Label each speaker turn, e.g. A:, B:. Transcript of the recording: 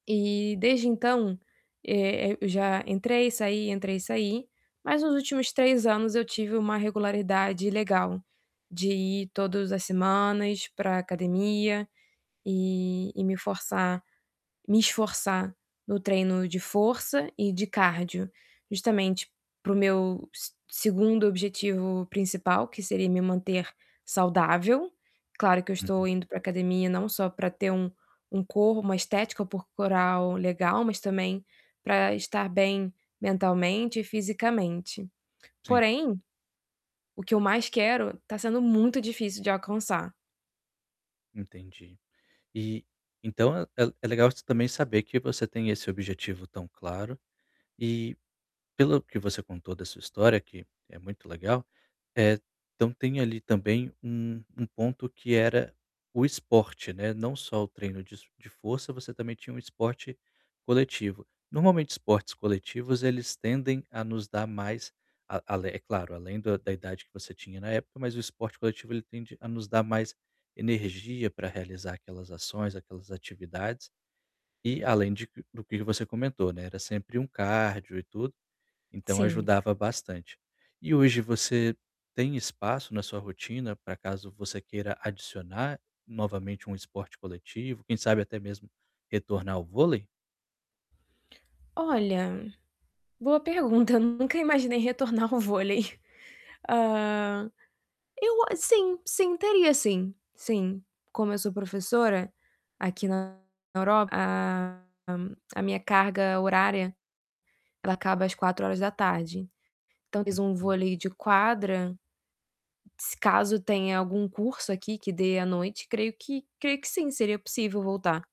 A: E, desde então, eh, eh, eu já entrei e saí, entrei e saí, mas nos últimos 3 anos eu tive uma regularidade legal, de ir todos as semanas pra academia. E e me forçar me esforçar no treino de força e de cardio, justamente pro meu se segundo objetivo principal que seria me manter saudável, claro que eu estou
B: Uhum.
A: indo pra academia não só para ter um um corpo uma estética corporal legal, mas também, pra estar bem mentalmente e fisicamente.
B: Sim.
A: Porém, o que eu mais quero tá sendo muito difícil de alcançar.
B: Entendi. E, então, é é legal você também saber que você tem esse objetivo tão claro, e, pelo que você contou da sua história que é muito legal, eh, então tem ali também um um ponto que era o esporte, né, não só o treino disso de força, você também tinha um esporte coletivo. Normalmente esportes coletivos, eles tendem a nos dar mais, a alé é claro, além do da idade que você tinha na época, mas o esporte coletivo ele tende a nos dar mais energia pra realizar aquelas ações, aquelas atividades, e além de do que você comentou, né, era sempre um cardio e tudo, então
A: Sim.
B: ajudava bastante. E hoje você tem espaço na sua rotina, pra caso você queira adicionar novamente um esporte coletivo? Quem sabe até mesmo retornar ao vôlei?
A: Olha, boa pergunta, eu nunca imaginei retornar o vôlei. Hã, eu a sim sim, teria sim. Sim, como eu sou professora, aqui na na Europa, a, a minha carga horária, ela acaba às 16h,
B: Ah,
A: talvez um
B: hum.
A: vôlei de quadra se caso tenha algum curso aqui que dê à noite, creio que creio que sim, seria possível voltar.